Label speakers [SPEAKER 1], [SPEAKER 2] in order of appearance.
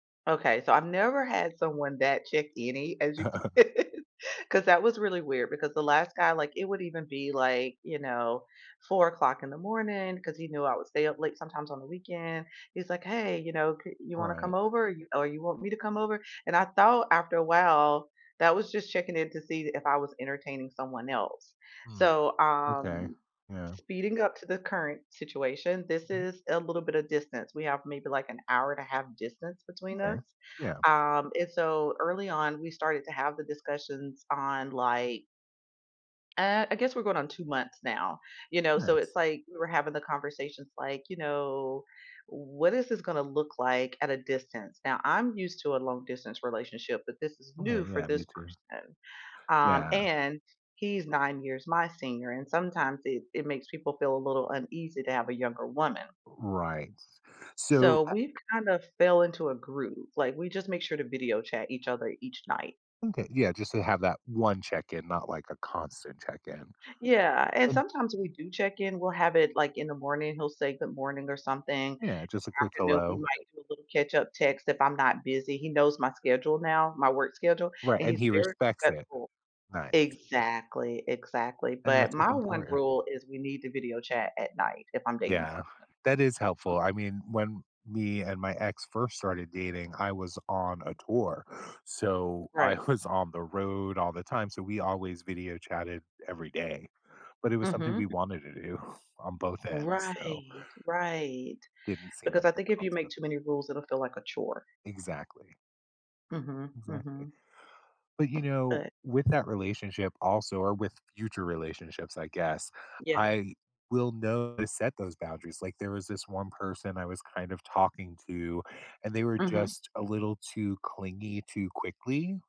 [SPEAKER 1] Okay, so I've never had someone that check any as you could, 'cause that was really weird because the last guy, like it would even be like, you know, 4:00 o'clock in the morning 'cause he knew I would stay up late sometimes on the weekend, he's like, "Hey, you know, c you want to come
[SPEAKER 2] Right.
[SPEAKER 1] over? you or you want me to come over?" And I thought after a while, that was just checking in to see if I was entertaining someone else,
[SPEAKER 2] Mm,
[SPEAKER 1] so,
[SPEAKER 2] okay,
[SPEAKER 1] um,
[SPEAKER 2] yeah.
[SPEAKER 1] speeding up to the current situation, this
[SPEAKER 2] Mhm.
[SPEAKER 1] is a little bit of distance, we have maybe like an hour and a half distance between us,
[SPEAKER 2] Okay, yeah.
[SPEAKER 1] um, and so early on, we started to have the discussions on like uh, I guess we're going on 2 months now, you know, so it's
[SPEAKER 2] Nice.
[SPEAKER 1] like we were having the conversations like, you know, "What is this gonna look like at a distance?" Now, I'm used to a long-distance relationship, but this is new
[SPEAKER 2] Okay,
[SPEAKER 1] for
[SPEAKER 2] yeah,
[SPEAKER 1] this
[SPEAKER 2] me too.
[SPEAKER 1] person, um,
[SPEAKER 2] Yeah.
[SPEAKER 1] and he's 9 years my senior, and sometimes it it makes people feel a little uneasy to have a younger woman.
[SPEAKER 2] Right, so
[SPEAKER 1] So
[SPEAKER 2] I
[SPEAKER 1] we've kind of fell into a groove, like, we just make sure to video chat each other each night.
[SPEAKER 2] Okay, yeah, just to have that 1 check-in, not like a constant check-in,
[SPEAKER 1] Yeah, and
[SPEAKER 2] and
[SPEAKER 1] sometimes we do check-in, we'll have it, like, in the morning, he'll say "Good morning" or something, in
[SPEAKER 2] Yeah, just a quick
[SPEAKER 1] the afternoon we
[SPEAKER 2] "hello".
[SPEAKER 1] might do a little catch-up text if I'm not busy, he knows my schedule now, my work schedule,
[SPEAKER 2] Right,
[SPEAKER 1] and
[SPEAKER 2] and
[SPEAKER 1] he's
[SPEAKER 2] he
[SPEAKER 1] very
[SPEAKER 2] respects it.
[SPEAKER 1] respectful.
[SPEAKER 2] Nice.
[SPEAKER 1] Exactly, exactly,
[SPEAKER 2] And
[SPEAKER 1] but
[SPEAKER 2] that's what's
[SPEAKER 1] my 1
[SPEAKER 2] important.
[SPEAKER 1] rule is we need to video chat at night if I'm dating
[SPEAKER 2] Yeah,
[SPEAKER 1] someone.
[SPEAKER 2] that is helpful, I mean, when me and my ex first started dating, I was on a tour, so
[SPEAKER 1] Right.
[SPEAKER 2] I was on the road all the time, so we always video chatted every day, but it was something we
[SPEAKER 1] Mhm.
[SPEAKER 2] wanted to do on both ends, so
[SPEAKER 1] Right, right,
[SPEAKER 2] didn't seem
[SPEAKER 1] because
[SPEAKER 2] like
[SPEAKER 1] I
[SPEAKER 2] a
[SPEAKER 1] think if you make
[SPEAKER 2] constant
[SPEAKER 1] too many rules, it'll feel like a chore.
[SPEAKER 2] Exactly.
[SPEAKER 1] Mhm,
[SPEAKER 2] Exactly,
[SPEAKER 1] mhm.
[SPEAKER 2] but you know,
[SPEAKER 1] But
[SPEAKER 2] with that relationship also, or with future relationships I guess,
[SPEAKER 1] Yeah.
[SPEAKER 2] I will know to set those boundaries, like there was this one person I was kind of talking to, and they were
[SPEAKER 1] Mhm.
[SPEAKER 2] just a little too clingy too quickly